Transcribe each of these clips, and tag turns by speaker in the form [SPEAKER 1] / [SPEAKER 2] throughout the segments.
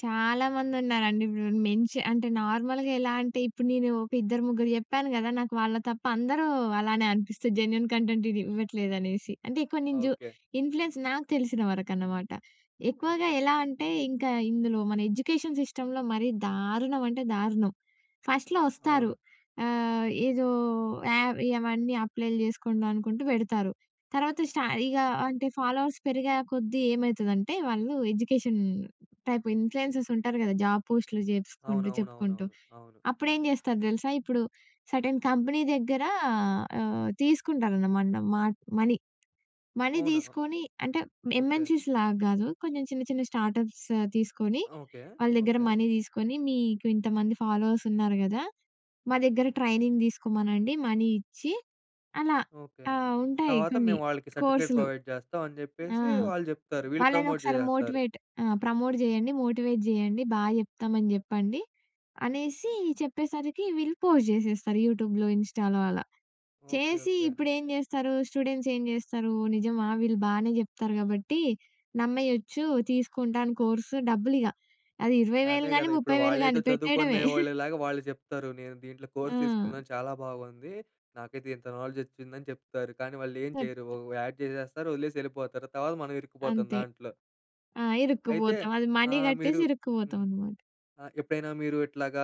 [SPEAKER 1] చాలా మందున్నారండి. ఇప్పుడు మెన్ష అంటే నార్మల్‌గా ఎలా అంటే ఇప్పుడు నేను, ఒక ఇద్దరు ముగ్గురు చెప్పాను కదా! నాకు వాళ్ళ తప్ప అందరూ అలానే అనిపిస్తది జెన్యూన్ కంటెంట్ ఇది ఇవ్వట్లేదనేసి. అంటే ఎక్కువ నేను జు
[SPEAKER 2] ఓకే.
[SPEAKER 1] ఇన్‌ప్ల్యూయన్స్ నాకు తెలిసినవరకనమాట. ఎక్కువగా
[SPEAKER 2] ఓకే.
[SPEAKER 1] ఎలా అంటే, ఇంక ఇందులో మన ఎడ్యుకేషన్ సిస్టమ్‌లో మరీ దారుణమంటే దారుణం. ఫస్ట్‌లో
[SPEAKER 2] అవును.
[SPEAKER 1] వస్తారు. ఆహ్, ఏదో యావ్ ఇవన్నీ అప్లైలు జేసుకొండి అనుకుంటూ పెడతారు. తర్వాత స్ట ఇగ అంటే, ఫాలోవర్స్ పెరిగే కొద్దీ ఏమైతుదంటే వాళ్ళు ఎడ్యుకేషన్ టైప్ ఇన్‌ప్ల్యూయన్సర్స్ ఉంటారు కదా! జాబు పోస్టులు జేసుకుంటూ చెప్పుకుంటూ,
[SPEAKER 2] అవునవునవునవును. అవును.
[SPEAKER 1] అప్పుడేం జేస్తారు తెలుసా? ఇప్పుడు సెర్టైన్ కంపెనీ దగ్గర ఆహ్, తీసుకుంటారనమాట మాట్ మనీ. మనీ
[SPEAKER 2] అవునా?
[SPEAKER 1] తీసుకొని అంటే
[SPEAKER 2] ఓకే.
[SPEAKER 1] ఎం‌ఎన్‌సీస్‌లాగా గాదు. కొంచెం చిన్న చిన్న స్టార్టప్స్ తీసుకొని,
[SPEAKER 2] ఓకే.
[SPEAKER 1] వాళ్ళ దగ్గర
[SPEAKER 2] ఓకే.
[SPEAKER 1] మనీ తీసుకొని, మీకు ఇంతమంది ఫాలోవర్స్ ఉన్నారు గదా! మా దగ్గర ట్రైనింగ్ తీసుకోమనండి మనీ ఇచ్చి అలా
[SPEAKER 2] ఓకే.
[SPEAKER 1] ఆ! ఉంటాయి
[SPEAKER 2] తర్వాత
[SPEAKER 1] కొన్ని
[SPEAKER 2] మేము వాళ్ళకి సర్టిఫికేట్
[SPEAKER 1] కోర్సులు.
[SPEAKER 2] ప్రొవైడ్ చేస్తాం అని
[SPEAKER 1] ఆ!
[SPEAKER 2] చెప్పేసి వాళ్ళు చెప్తారు వీళ్ళు ప్రమోట్
[SPEAKER 1] వాళ్ళనొక్కసారి
[SPEAKER 2] చేసేస్తారు.
[SPEAKER 1] మోటివేట్ ఆ! ప్రమోట్ జేయండి, మోటివేట్ జేయండి బాగా చెప్తామని చెప్పండి, అనేసి చెప్పేసరికి వీళ్ళు పోస్ట్ జేసేస్తారు. యూట్యూబ్‌లో, ఇన్‌‌స్టా‌లో అలా
[SPEAKER 2] ఓకే.
[SPEAKER 1] చేసి
[SPEAKER 2] ఓకే.
[SPEAKER 1] ఇప్పుడేం జేస్తారు. స్టూడెంట్స్ ఏం జేస్తారు, నిజమా! వీళ్ళు బానే జెప్తారు కాబట్టి నమ్మేయచ్చు తీసుకుంటాను కోర్సు డబ్బులిగ, అది 20,000
[SPEAKER 2] అదే
[SPEAKER 1] గాని,
[SPEAKER 2] కదా! ఇప్పుడు
[SPEAKER 1] 30,000
[SPEAKER 2] వాళ్ళేదో
[SPEAKER 1] గాని
[SPEAKER 2] చదువుకునే
[SPEAKER 1] పెట్టేయడమే.
[SPEAKER 2] వాళ్ళలాగా వాళ్ళు చెప్తారు. "నేను దీంట్లో కోర్స్
[SPEAKER 1] ఆ!
[SPEAKER 2] తీసుకున్నాను. చాలా బాగుంది నాకైతే ఇంత నాలెడ్జ్ వచ్చింది" అని చెప్తారు. కానీ వాళ్ళేం చేయరు.
[SPEAKER 1] చెప్త్
[SPEAKER 2] ఒక యాడ్ చేసేస్తారు. వదిలేసి యెళ్ళిపోతారు. తర్వాత మనం ఇరుక్కుపోతాం
[SPEAKER 1] అంతే
[SPEAKER 2] దాంట్లో.
[SPEAKER 1] ఆ!
[SPEAKER 2] అయితే
[SPEAKER 1] ఇరుక్కుపోతాం. అది మనీ
[SPEAKER 2] ఆహ్, మీరు
[SPEAKER 1] కట్టేసి
[SPEAKER 2] హ్మ్.
[SPEAKER 1] ఇరుక్కుపోతామనమాట.
[SPEAKER 2] ఆహ్, ఎప్పుడైనా మీరు ఇట్లాగా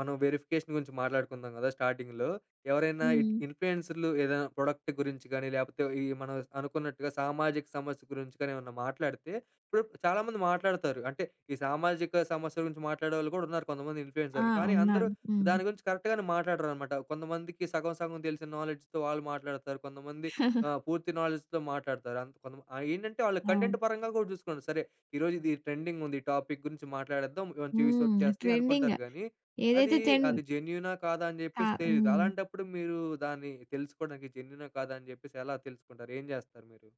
[SPEAKER 2] మనం వెరిఫికేషన్ గురించి మాట్లాడుకుందాం కదా! స్టార్టింగ్‌లో. ఎవరైనా ఇట్
[SPEAKER 1] హ్మ్.
[SPEAKER 2] ఇన్ఫ్లుయెన్సరులు ఏదైనా ప్రొడక్ట్ గురించి గానీ లేకపోతే ఈ మన స్ అనుకున్నట్టుగా సామాజిక సమస్య గురించి కానీ ఏవన్నా మాట్లాడితే ఇప్పుడిప్పుడు చాలా మంది మాట్లాడుతారు. అంటే ఈ సామాజిక సమస్యల గురించి మాట్లాడేవాళ్ళు కూడా ఉన్నారు కొంతమంది
[SPEAKER 1] ఆ!
[SPEAKER 2] ఇన్ఫ్లుయెన్సరులు. కానీ అందరూ
[SPEAKER 1] ఉన్నారు. హ్మ్.
[SPEAKER 2] దాని గురించి కరెక్ట్‌గానే మాట్లాడరనమాట. కొంతమందికి సగం సగం తెలిసిన నాలెడ్జ్‌తో వాళ్ళు మాట్లాడతారు. కొంతమంది ఆహ్, పూర్తి నాలెడ్జ్‌తో మాట్లాడతారు. అంత కొంతమంది ఆహ్, ఏంటంటే వాళ్ళు కంటెంట్
[SPEAKER 1] అవును.
[SPEAKER 2] పరంగా కూడా చూసుకుంటారు. సరే. ఈరోజు ఇది ట్రెండింగుంది ఈ టాపిక్ గురించి మాట్లాడేద్దాం. మంచి వ్యూ‌స్
[SPEAKER 1] హ్మ్.
[SPEAKER 2] వచ్చేస్తాయి
[SPEAKER 1] ట్రెండింగ్.
[SPEAKER 2] అనుకుంటారు కానీ అదీ,
[SPEAKER 1] ఏదైతే ట్రెండ్
[SPEAKER 2] అది జెన్యూనా కాదా అని
[SPEAKER 1] కా
[SPEAKER 2] చెప్పేసి తెలీదు.
[SPEAKER 1] హ్మ్.
[SPEAKER 2] అలాంటప్పుడు మీరు దాన్ని తెలుసుకోవడానికి జెన్యూనా? కాదా? అని చెప్పేసి ఎలా తెలుసుకుంటారు? ఏం చేస్తారు మీరు?